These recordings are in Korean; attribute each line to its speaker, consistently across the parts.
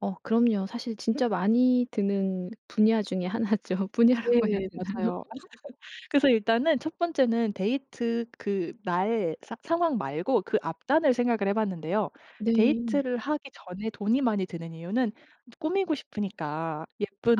Speaker 1: 어 그럼요. 사실 진짜 많이 드는 분야 중에 1 죠.
Speaker 2: 네
Speaker 1: 분야라고 해야 되나요?
Speaker 2: 맞아요. 그래서 일단은 1 번째는 데이트 그 나의 사 상황 말고 그 앞단을 생각을 해봤는데요.
Speaker 1: 네.
Speaker 2: 데이트를 하기 전에 돈이 많이 드는 이유는 꾸미고 싶으니까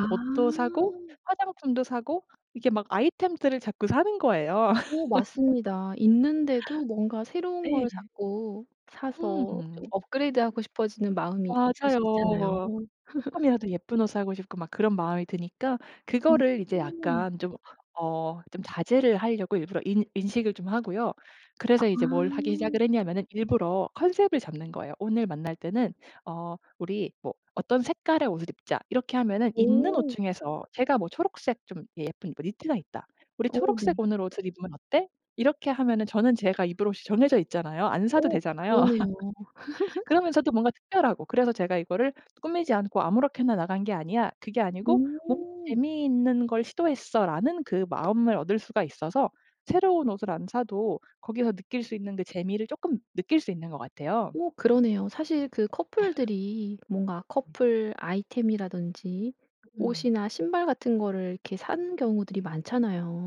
Speaker 1: 아.
Speaker 2: 옷도 사고, 화장품도 사고, 이게 막 아이템들을 자꾸 사는 거예요.
Speaker 1: 어 맞습니다. 있는데도 뭔가 새로운 걸
Speaker 2: 네.
Speaker 1: 자꾸 사서 좀
Speaker 2: 음.
Speaker 1: 업그레이드하고 싶어지는 마음이 있을 수 있잖아요.
Speaker 2: 맞아요. 쪼끔이라도 예쁜 옷 사고 싶고 막 그런 마음이 드니까 그거를 이제
Speaker 1: 음.
Speaker 2: 약간 좀 어 좀 자제를 하려고 일부러 인 인식을 좀 하고요. 그래서 이제 뭘 하기
Speaker 1: 아.
Speaker 2: 시작을 했냐면은 일부러 컨셉을 잡는 거예요. 오늘 만날 때는 "어 우리 뭐 어떤 색깔의 옷을 입자." 이렇게 하면은 있는 옷
Speaker 1: 오.
Speaker 2: 중에서 제가 뭐 초록색 좀 예 예쁜 입을 니트가 있다. "우리
Speaker 1: 어
Speaker 2: 초록색
Speaker 1: 네.
Speaker 2: 오늘 옷을 입으면 어때?" 이렇게 하면은 저는 제가 입을 옷이 정해져 있잖아요. 안 사도
Speaker 1: 어
Speaker 2: 되잖아요.
Speaker 1: 그러네요.
Speaker 2: 그러면서도 뭔가 특별하고 그래서 제가 이거를 '꾸미지 않고 아무렇게나 나간 게 아니야 그게 아니고 뭔가
Speaker 1: 어.
Speaker 2: 재미있는 걸 시도했어.'라는 그 마음을 얻을 수가 있어서 새로운 옷을 안 사도 거기서 느낄 수 있는 그 재미를 쪼끔 느낄 수 있는 것 같아요.
Speaker 1: 어 그러네요. 사실 그 커플들이 뭔가
Speaker 2: 음.
Speaker 1: 커플 아이템이라든지
Speaker 2: 으음.
Speaker 1: 옷이나 신발 같은 거를 이렇게 사는 경우들이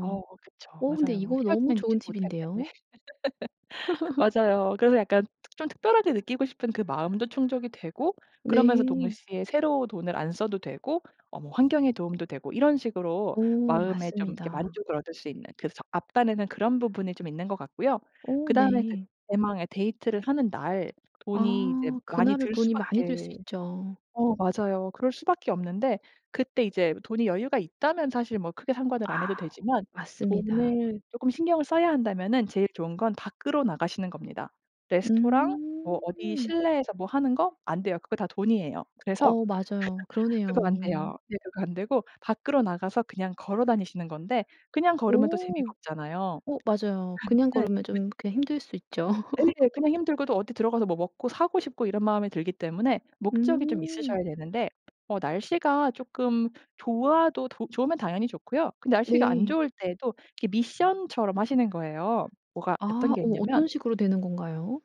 Speaker 2: 어 그쵸.
Speaker 1: 어 근데
Speaker 2: 맞아요.
Speaker 1: 이거 너무
Speaker 2: 헤어지면 입지
Speaker 1: 좋은
Speaker 2: 못할 텐데.
Speaker 1: 팁인데요.
Speaker 2: 맞아요. 그래서 약간 특 좀 특별하게 느끼고 싶은 그 마음도 충족이 되고 그러면서
Speaker 1: 네.
Speaker 2: 동시에 새로 돈을 안 써도 되고 어 뭐 환경에 도움도 되고 이런 식으로
Speaker 1: 오
Speaker 2: 마음에 좀 이렇게
Speaker 1: 맞습니다.
Speaker 2: 만족을 얻을 수 있는 그 석 앞단에는 그런 부분이 좀 있는 것 같고요.
Speaker 1: 오
Speaker 2: 그다음에 그
Speaker 1: 네.
Speaker 2: 대망의 데이트를 하는 날 돈이 이제
Speaker 1: 아
Speaker 2: 많이
Speaker 1: 그날은
Speaker 2: 들
Speaker 1: 돈이 많이 들 수
Speaker 2: 수밖에
Speaker 1: 있죠.
Speaker 2: 어 맞아요. 그럴 수밖에 없는데 그때 이제 돈이 여유가 있다면 사실 뭐 크게 상관을 안 해도
Speaker 1: 아
Speaker 2: 되지만
Speaker 1: 맞습니다.
Speaker 2: 돈을 쪼끔 신경을 써야 한다면은 제일 좋은 건 밖으로 나가시는 겁니다. 레스토랑, 뭐 어디
Speaker 1: 음.
Speaker 2: 실내에서 뭐 하는 거? 안 돼요. 그거 다 돈이에요. 그래서
Speaker 1: 어 맞아요.
Speaker 2: 그거 안
Speaker 1: 그러네요.
Speaker 2: 돼요. 예 그거 안 되고 밖으로 나가서 그냥 걸어 다니시는 건데 그냥 걸으면 또 재미가
Speaker 1: 오.
Speaker 2: 없잖아요.
Speaker 1: 어 맞아요. 그냥 걸으면 좀
Speaker 2: [unintelligible]
Speaker 1: 이렇게 힘들 수 있죠.
Speaker 2: 네, 그냥 힘들고도 어디 들어가서 뭐 먹고 사고 싶고 이런 마음이 들기 때문에 목적이 좀
Speaker 1: 음.
Speaker 2: 있으셔야 되는데 어 날씨가 쪼끔 좋아도 도 좋으면 당연히 좋고요. 근데 날씨가 안
Speaker 1: 네.
Speaker 2: 좋을 때도 그 미션처럼 하시는 거예요. 뭐가 어떤
Speaker 1: 아
Speaker 2: 게
Speaker 1: 어
Speaker 2: 있냐면
Speaker 1: 어떤 식으로 되는 건가요?